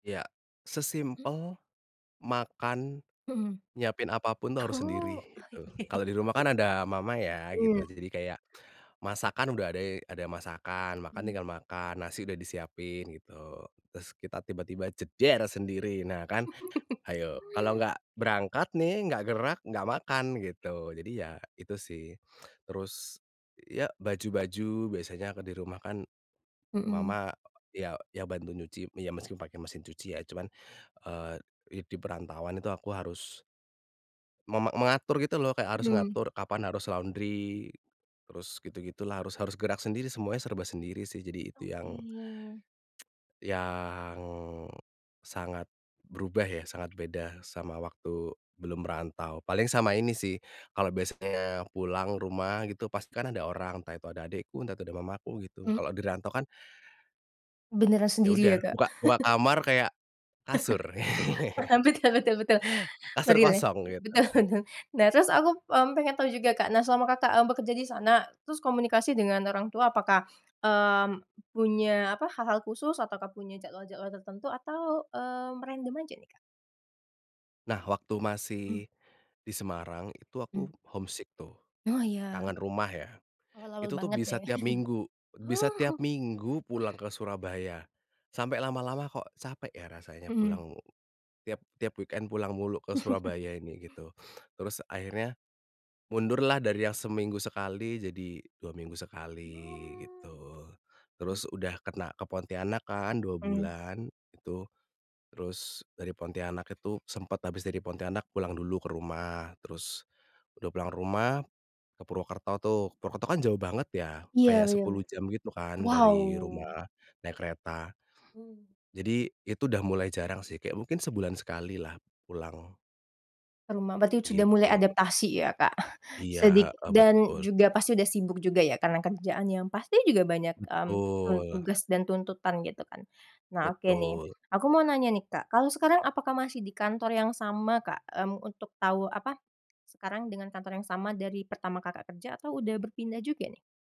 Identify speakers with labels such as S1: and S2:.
S1: Iya.
S2: Hmm.
S1: Sesimpel makan, nyiapin apapun itu harus sendiri,
S2: Oh oh
S1: gitu.
S2: iy
S1: Kalau di rumah kan ada mama ya gitu,
S2: Mhm.
S1: jadi kayak masakan udah ade ada masakan, makan
S2: Mmm.
S1: tinggal makan, nasi udah disiapin gitu. Terus kita tiba-tiba jeder, sendiri, nah kan, hayo, kalau nggak berangkat nih, nggak gerak, nggak makan, gitu. Jadi ya, itu sih. Terus, ya baju-baju biasanya aku di rumah kan
S2: Mhm.
S1: mama ya ya bantu nyuci, ya meski pakai mesin cuci ya cuman, eee, i di perantauan itu aku harus mema mengatur gitu loh, kayak harus
S2: Mmm.
S1: mengatur kapan harus laundry, terus gitu-gitulah harus harus gerak sendiri semuanya serba sendiri sih, jadi itu yang
S2: Oke.
S1: yang, sangat berubah ya, sangat beda sama waktu belum merantau. Paling sama ini sih, kalau biasanya pulang rumah gitu, pasti kan ada orang entah itu ada adekku, entah itu ada mamaku, gitu.
S2: Mmm.
S1: Kalau dirantau kan
S2: Beneran
S1: ya
S2: sendiri
S1: udah,
S2: ya, Kak?
S1: buka buka kamar kayak kasur.
S2: Betul- betul betul
S1: Kasur
S2: meril ya
S1: kosong gitu.
S2: betul betul nah terus aku, mmm, pengen tau juga Kak, nah selama Kakak, e bekerja di sana, terus komunikasi dengan orang tua, apakah, mmm, punya apa, hal-hal khusus ataukah punya jadwal-jadwal tertentu atau, eee, random aja nih, Kak?
S1: Nah waktu
S2: Mmm.
S1: masih di Semarang, itu aku
S2: Mmm.
S1: homesick tuh,
S2: Wah iya,
S1: kangen rumah ya.
S2: awal-awal
S1: Itu tuh
S2: banget ya.
S1: bisa tiap minggu
S2: Oh.
S1: bisa tiap minggu pulang ke Surabaya. Sampai lama-lama kok capek ya, rasanya
S2: Mhm.
S1: pulang tiap tiap weekend pulang mulu ke Surabaya ini gitu. Terus akhirnya, mundurlah dari yang seminggu sekali jadi 2 minggu sekali,
S2: Oh.
S1: gitu. Terus udah kena ke Pontianak kan, 2
S2: Mmm.
S1: bulan, itu, terus dari Pontianak itu sempet habis dari Pontianak pulang dulu ke rumah, terus udah pulang rumah, ke Purwokerto tuh. Purwokerto kan jauh banget ya,
S2: Iya
S1: kayak
S2: beyem
S1: 10 jam gitu kan dari
S2: wow.
S1: rumah, naik kereta.
S2: Mmm.
S1: Jadi, itu udah mulai jarang sih, kayak mungkin sebulan sekali lah pulang.
S2: Ke rumah, berarti sudah mulai
S1: Gitu.
S2: adaptasi ya Kak,
S1: Iya,
S2: sedik
S1: heeh,
S2: dan
S1: betul.
S2: juga pasti udah sibuk juga ya, karena kerjaannya pasti juga banyak, mmm,
S1: Betul.
S2: tugas dan tuntutan gitu kan. Nah oke nih,
S1: Betul.
S2: aku mau nanya nih Kak, kalau sekarang apakah masih di kantor yang sama Kak, mmm, untuk tahu apa, sekarang dengan kantor yang sama dari pertama Kakak kerja, atau udah berpindah juga nih?